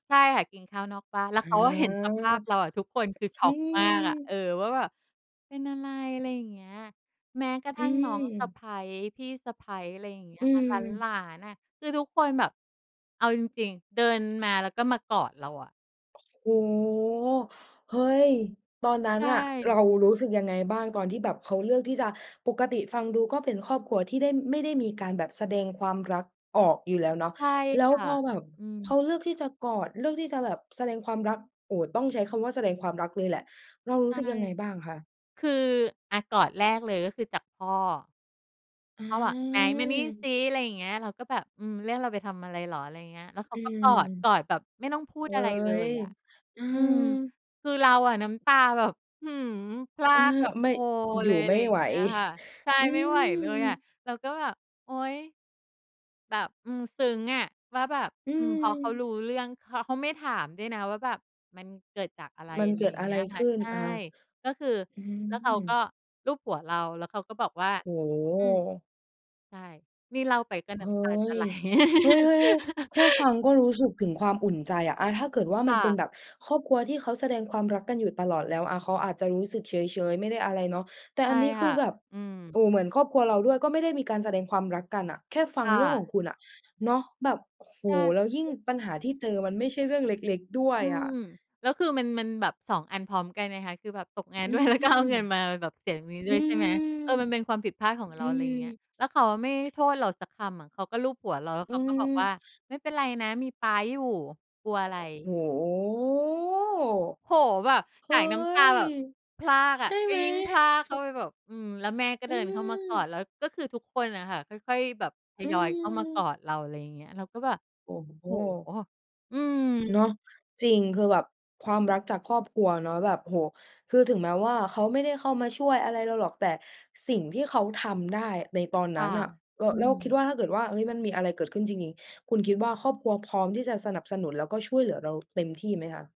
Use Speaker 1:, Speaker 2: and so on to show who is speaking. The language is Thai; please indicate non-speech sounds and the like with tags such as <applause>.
Speaker 1: ใช่ค่ะ กินข้าวนอกบ้าน แล้ว
Speaker 2: อา
Speaker 1: เขาก็เห็นสภาพเราอะ ทุกคนคือช็
Speaker 2: อื
Speaker 1: อกมากอะ เออ
Speaker 2: ม
Speaker 1: ว่าแบบ "เป็นอะไร?" อะไรอย่างเงี้ย แม้กระท
Speaker 2: อื
Speaker 1: ั่งน้องสะ
Speaker 2: ม
Speaker 1: ใภ้ พี่สะใภ้ อะไรอย่างเงี้
Speaker 2: อ
Speaker 1: ย
Speaker 2: ื
Speaker 1: ค่ะ หล
Speaker 2: ม
Speaker 1: าน ๆ อะ คือทุกคนแบบ เอาจริง ๆ เดิน มาแล้วก็มากอดเราอะ
Speaker 2: โอ้โฮ เฮ้ย ตอนนั
Speaker 1: ใ
Speaker 2: ้
Speaker 1: ช
Speaker 2: นน่ะ
Speaker 1: ่
Speaker 2: เรารู้สึกยังไงบ้าง ตอนที่แบบเขาเลือกที่จะ ปกติฟังดูก็เป็นครอบครัวที่ได้ ไม่ได้มีการแบบแสดงความรักออกอยู่แล้วเนาะ
Speaker 1: ใช่
Speaker 2: แล้
Speaker 1: ค
Speaker 2: ว
Speaker 1: ่ะ
Speaker 2: พอแบบ
Speaker 1: อื
Speaker 2: เข
Speaker 1: ม
Speaker 2: าเลือกที่จะกอด เลือกที่จะแบบแสดงความรัก โอ้โฮ ต้องใช้คำว่าแสดงความรักเลยแหละ เรารู
Speaker 1: ใช
Speaker 2: ้สึก
Speaker 1: ่
Speaker 2: ยังไงบ้างคะ?
Speaker 1: คือ อา กอดแรกเลย ก็คือจากพ่อ
Speaker 2: อ
Speaker 1: เขาอะ "ไหนมานี่ซ
Speaker 2: า
Speaker 1: ิ" อะไรอย่างเงี้ย เราก็แบบ "อืม เรียกเราไปทำอะไรเหรอ?" อะไรอย่างเงี้ย แล้วเข
Speaker 2: อ
Speaker 1: า
Speaker 2: ื
Speaker 1: ก็กอด ก
Speaker 2: ม
Speaker 1: อดแบบไม่ต้องพู
Speaker 2: เ
Speaker 1: ด
Speaker 2: ฮ้
Speaker 1: อะไรเล
Speaker 2: ย
Speaker 1: ยอะ
Speaker 2: อื
Speaker 1: อืม
Speaker 2: อ
Speaker 1: คือเราอะน้ำตาแบบ อื้อฮือ พรา
Speaker 2: เออ
Speaker 1: กแบบ
Speaker 2: ไม่
Speaker 1: โฮ
Speaker 2: อย
Speaker 1: เ
Speaker 2: ู
Speaker 1: ล
Speaker 2: ่
Speaker 1: ย อ
Speaker 2: ไ
Speaker 1: ะ
Speaker 2: ม
Speaker 1: ไ
Speaker 2: ่
Speaker 1: รอย่
Speaker 2: ไ
Speaker 1: า
Speaker 2: หว
Speaker 1: งเงี้ยค่ะ
Speaker 2: <chuckles>
Speaker 1: ใช่
Speaker 2: อื
Speaker 1: ไม่ไหวเลยอะ
Speaker 2: ม
Speaker 1: เราก็แบบ โอ๊ย แบบ อืม ซึ้งอะ ว่าแบบ
Speaker 2: อื
Speaker 1: อืม พอเขาร
Speaker 2: ม
Speaker 1: ู้เรื่อง ข เขาไม่ถามด้วยนะว่าแบบ มันเกิดจากอะไร
Speaker 2: มัน
Speaker 1: อะไ
Speaker 2: เ
Speaker 1: ร
Speaker 2: กิ
Speaker 1: อย
Speaker 2: ด
Speaker 1: ่าง
Speaker 2: อะ
Speaker 1: เง
Speaker 2: ไ
Speaker 1: ี
Speaker 2: ร
Speaker 1: ้ยค
Speaker 2: ข
Speaker 1: ่ะ
Speaker 2: ึ้น
Speaker 1: ใช่
Speaker 2: อา
Speaker 1: ก็คือ
Speaker 2: อื
Speaker 1: แล้วเขาก็
Speaker 2: ม
Speaker 1: ลูบหัวเรา แล้วเขาก็บอกว่า
Speaker 2: โอ้โ
Speaker 1: อืม
Speaker 2: ฮ
Speaker 1: ใช่ นี่เล่าไปก็
Speaker 2: เ
Speaker 1: น้
Speaker 2: ฮ้
Speaker 1: ำตาจะไ
Speaker 2: ย
Speaker 1: หล
Speaker 2: เฮ้ย ๆ ๆ แค่ฟั
Speaker 1: <laughs>
Speaker 2: งก็รู้สึกถึงความอุ่นใจอะ อา ถ้าเกิดว่า
Speaker 1: ค
Speaker 2: มั
Speaker 1: ่
Speaker 2: นเป็น
Speaker 1: ะ
Speaker 2: แบบครอบครัวที่เขาแสดงความรักกันอยู่ตลอดแล้วอะ เขาอาจจะรู้สึกเฉย ๆ ไม่ได้อะไรเนาะ แต่
Speaker 1: ใช
Speaker 2: อั
Speaker 1: ่
Speaker 2: นนี้ค
Speaker 1: ค่
Speaker 2: ื
Speaker 1: ะ
Speaker 2: อแบบ
Speaker 1: อืม
Speaker 2: โอ้โฮ เหมือนครอบครัวเราด้วย ก็ไม่ได้มีการแสดงความรักกันอะ แค่ฟั
Speaker 1: ค
Speaker 2: ง
Speaker 1: ่
Speaker 2: เรื่องข
Speaker 1: ะ
Speaker 2: องคุณอะ เนาะ แบบ โอ้โฮ
Speaker 1: ช
Speaker 2: แล้วยิ่ง
Speaker 1: อ
Speaker 2: ปัญหาที่เจอมันไม่ใช่เรื่องเล็ก ๆ ด้ว
Speaker 1: อ
Speaker 2: ย
Speaker 1: ื
Speaker 2: อ
Speaker 1: ม
Speaker 2: ะ
Speaker 1: แล้วคือมัน มันแบบ 2 อันพร้อมกันไงคะ ตกงาน
Speaker 2: อื
Speaker 1: ด้วย
Speaker 2: อ
Speaker 1: แล้ว
Speaker 2: ฮ
Speaker 1: ก็
Speaker 2: ึ
Speaker 1: เอาเงินมา ม แบบ เสียตรงนี้
Speaker 2: อ
Speaker 1: ด้
Speaker 2: ื
Speaker 1: วย ใช่
Speaker 2: ม
Speaker 1: ไหม เออ มันเป็นความผิดพลาดของเ
Speaker 2: อ
Speaker 1: ร
Speaker 2: ื
Speaker 1: า อะไรอย่างเงี้ย
Speaker 2: ม
Speaker 1: แล้วเขาอะไม่โทษเราสักคำอะ เขาก็ลูบหัวเรา แล้ว
Speaker 2: อื
Speaker 1: เขาก็บอก
Speaker 2: อ
Speaker 1: ว่า "ไม่เป็นไรนะ มีป๊าอยู่ กลัวอะไร?"
Speaker 2: โอ้โ
Speaker 1: โอ้โฮ แบบ
Speaker 2: ฮ เฮ
Speaker 1: ส
Speaker 2: ้
Speaker 1: ายน้ำตา
Speaker 2: ย
Speaker 1: แบบพรากอ
Speaker 2: ใช
Speaker 1: ะ
Speaker 2: ่
Speaker 1: ก
Speaker 2: ไ
Speaker 1: ็
Speaker 2: หม?
Speaker 1: ยิ่งพราก
Speaker 2: ฟ
Speaker 1: เข้าไปแบบ อืม แล้วแม่ก็
Speaker 2: อ
Speaker 1: เด
Speaker 2: ื
Speaker 1: ินเข้ามากอ
Speaker 2: ม
Speaker 1: ด แล้วก็คือทุกคนอะค่ะ ค่อย ๆ แบบท
Speaker 2: อื
Speaker 1: ยอยเข้ามากอ
Speaker 2: ม
Speaker 1: ดเรา อะไรอย่างเงี้ย เราก็แบบ
Speaker 2: โอ้โ
Speaker 1: โอ้โฮ
Speaker 2: ฮ
Speaker 1: อืม
Speaker 2: เนาะ จริง คือแบบความรักจากครอบครัวเนาะ แบบ โอ้โฮ คือถึงแม้ว่าเขาไม่ได้เข้ามาช่วยอะไรเราหรอก แต่สิ่งที่เขาทำได้ในตอน
Speaker 1: ค
Speaker 2: น
Speaker 1: ่
Speaker 2: ั
Speaker 1: ะ
Speaker 2: ้นน่ะ ล
Speaker 1: อื
Speaker 2: แล้วคิด
Speaker 1: ม
Speaker 2: ว่าถ้าเกิดว่า เฮ้ย มันมีอะไรเกิดขึ้นจริง ๆ คุณคิดว่าครอบครัวพร้อมที่จะสนับสนุน แล้วก็ช่วยเหลือเราเต็มที่ไหมคะ?